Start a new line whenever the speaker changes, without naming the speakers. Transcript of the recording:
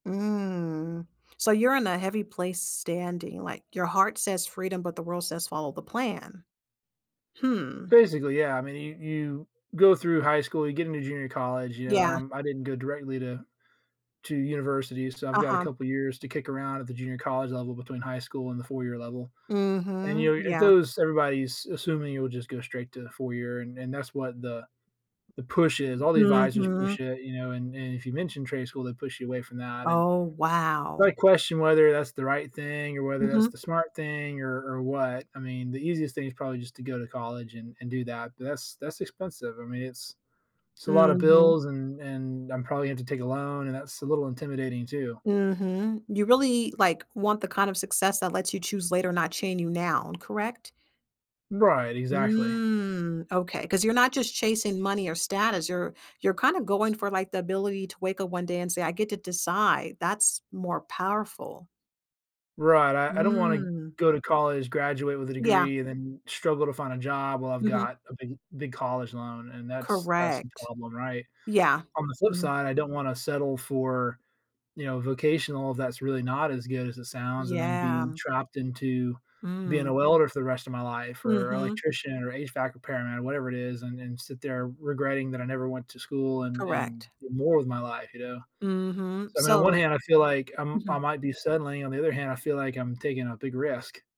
Mm, so, you're in a heavy place standing, like, "Your heart says freedom, but the world says follow the plan." Hmm.
Basically, yeah, I mean, you you go through high school, you get into junior college, you know, and
Yeah.
I'm I didn't go directly to to universities, so I've got a
Uh-huh.
couple of years to kick around at the junior college level between high school and the 4 year level, and,
Mhm,
you know, it
yeah.
those everybody is assuming you will just go straight to the 4 year and that's what the the push is, all the advisors
Mhm.
push it, you know, and and if you mention trade school, they push you away from that, and
Oh,
I
wow.
question whether that's the right thing or whether that's the
Mhm.
smart thing or or what, I mean, the easiest thing is probably just to go to college and and do that, but that's that's expensive, I mean, it's it's a lot of
Mhm.
bills and and I'm probably gonna have to take a loan and that's a little intimidating too.
Mhm, you really, like, want the kind of success that lets you choose later, not chain you now, correct?
Right. Exactly.
Mm, okay, 'cause you're not just chasing money or status, you're you're kinda going for, the ability to wake up one day and say, "I get to decide." That's more powerful.
Right, I I don't wanna
Mm.
go to college, graduate with a
Yeah.
degree, and then struggle to find a job while I've
Mhm.
got a big big college loan and that's that's the
Correct.
problem, right?
Yeah,
On the flip
mhm
side, I don't wanna settle for you know, vocational if that's really not as good as it sounds and then
Yeah.
being trapped into being
Mm.
a welder for the rest of my life or
Mhm.
electrician or HVAC repairman or whatever it is, and and sit there regretting that I never went to school and and,
Correct.
do more with my life, you know?
Mhm,
So, I mean, on one
so
hand, I feel like I m I
mhm.
might be settling, on the other hand, I feel like I'm taking a big risk.